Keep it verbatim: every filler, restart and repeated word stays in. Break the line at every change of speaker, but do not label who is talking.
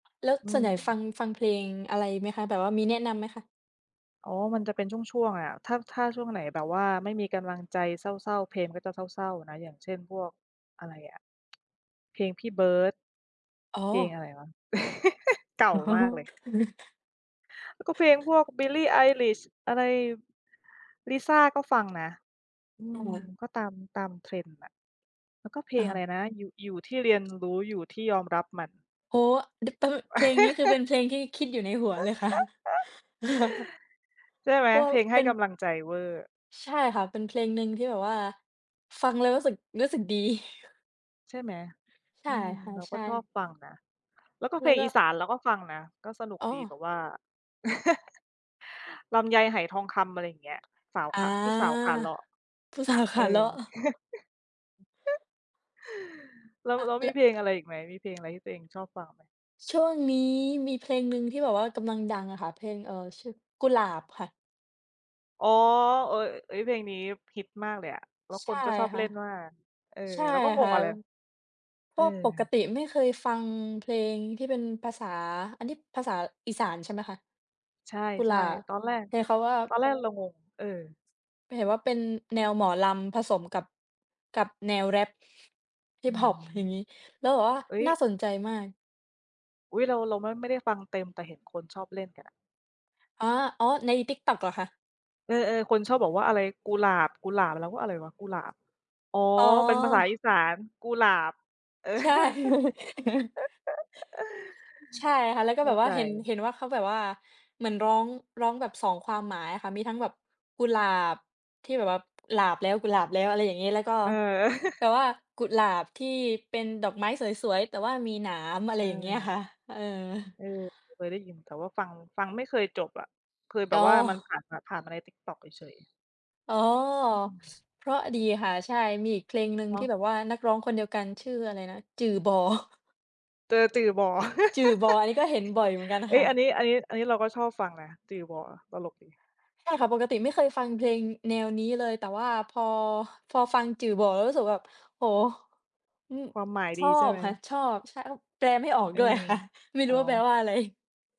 แล้ว
อื
ส่วนใหญ่ฟ
ม
ัง ฟังเพลงอะไรไหมคะ? แบบว่ามีแนะนำไหมคะ?
อ๋อ มันจะเป็นช่วง ๆ อะ ถ้า ถ้าช่วงไหน แบบว่าไม่มีกำลังใจเศร้า ๆ เพลงก็จะเศร้า ๆ นะ อย่างเช่น พวกอะไรอะ เพลงพี่เบิร์ด
อ๋อ
เพลงอะไรวะ เก่ามากเลย อ ก็เพลงพวก Billie Eilish อะไร Lisa ก็ฟังนะ อื
โอ
ม
้
ก็ตาม ตาม trend น่ะ แล้วก็เพล
อ
งอะไร
า
นะ ยุ อยู่ที่เรียน รู้ อยู่ที่ยอมรับมัน
โอ้ ด ป เพลงนี้ คือเป็นเพลงที่คิดอยู่ในหัวเลยค่ะ
ใช่ไหม
เพราะว่
เพ
า
ลงให
เป
้
็น
กำลังใจเวอร์
ใช่ค่ะ เป็นเพลงนึงที่แบบว่าฟังแล้วรู้สึก รู้สึกดี
ใช่ไหม
ใช
อ
่
ืม
ค่ะ
เรา
ใช
ก็ชอ
่
บฟังนะ แล้วก็
แ
เ
ล
พ
้
ล
ว
ง
ก็
อีสานเราก็ฟังนะ ก็สนุก
อ๋
ดี แ
อ
ต่ว่า ลำไยไหทองคำ อะไรอย่างเงี้ย สาว
อ
ข
า
า ผู้สาวขาเลาะ
ผู้ สาว ข
เอ
าเล
อ
ะ
แล้ว
อ
แล้วมี
ล
เพลงอะไร อีกไหม? มีเพลงอะไร ที่ตัวเองชอบฟังไหม?
ช่วงนี้มีเพลงหนึ่งที่แบบว่ากำลังดังอะค่ะ เพลง เอ่อ ชื่อ "กุหลาบ" ค่ะ
อ๋อ เออ อ เฮ้ย เพลงนี้ฮิตมากเลยอะ แล้ว
ใช
ค
่
นก็ชอบ
ค่
เล
ะ
่นมาก เอ่อ
ใช่
เราก็ง
ค่
ง
ะ
เลย อะไร
พ
เ
วก ปก
ออ
ติไม่เคยฟังเพลงที่เป็นภาษา อันนี้ภาษาอีสานใช่ไหมคะ?
ใช
กุหลา
่
บ
ๆ ตอนแรก
เห็นเขาว่า
ตอนแรกเรา งง เออ
เห็นว่าเป็นแนวหมอลำผสมกับ กับแนวแรป
อื
Hiphop
ม
อย่างงี้ แล้วแบบว่า
เอ๊ย
น่าสนใจมาก
อุ๊ย เรา เราไม่ ไม่ได้ฟังเต็ม แต่เห็นคนชอบเล่นกันอะ
อ๋อ อ๋อ ใน TikTok เหรอคะ?
เออ ๆ คนชอบบอกว่าอะไร "กุหลาบ กุหลาบ" เราก็ "อะไรวะ? กุหลาบ" อ๋อ
อ๋
เป็นภาษาอี
อ
สาน "กูหลาบ"
ใช่ ใช่ค่ะ แล้วก็
เข
แ
้
บ
า
บว
ใ
่
จ
าเห็น เห็นว่าเขาแบบว่าเหมือนร้อง ร้องแบบ สอง ความหมายอะค่ะ มีทั้งแบบกุหลาบที่แบบว่า "หลาบแล้ว กุหลาบแล้ว" อะไรอย่างงี้ แล้วก็
เออ
แบบว่ากุหลาบที่เป็นดอกไม้สวย ๆ แต่ว่ามีหนาม อะไรอย่างเงี้ย
เ
ค่ะ
ออ
เออ
เออ เคยได้ยิน แต่ว่าฟัง ฟังไม่เคยจบอะ เคยแบ
อ๋
บว
อ
่ามันผ่านมา ผ่านมาใน TikTok เฉย ๆ
อ๋อ
อืม
เพราะดีค่ะ ใช่ มีอีกเพลงหนึ่ง
เน
ท
า
ี่
ะ
แบบว่านักร้องคนเดียวกันชื่ออะไรนะ "จื่อบ่"
เจอจือบ่
จือบ่ อันนี้ก็เห็นบ่อยเหมือนกัน
เฮ
ค
้ย
่ะ
อันนี้ อันนี้ อันนี้เราก็ชอบฟังนะ จือบ่ ตลกดี
ใช่ค่ะ ปกติไม่เคยฟังเพลงแนวนี้เลย แต่ว่าพอ พอฟังจือบ่ แล้วรู้สึกว่าแบบ โอ้โฮ อ
ความหมาย
ช
ด
อ
ีใช่
บ
ไหม?
ค่ะ ชอบ ใช่ อ แปลไม่ออก
อื
ด้วย
อ
ค่ะ ไม่ร
อ
ู
๋
้
อ
ว่าแปลว่าอะไร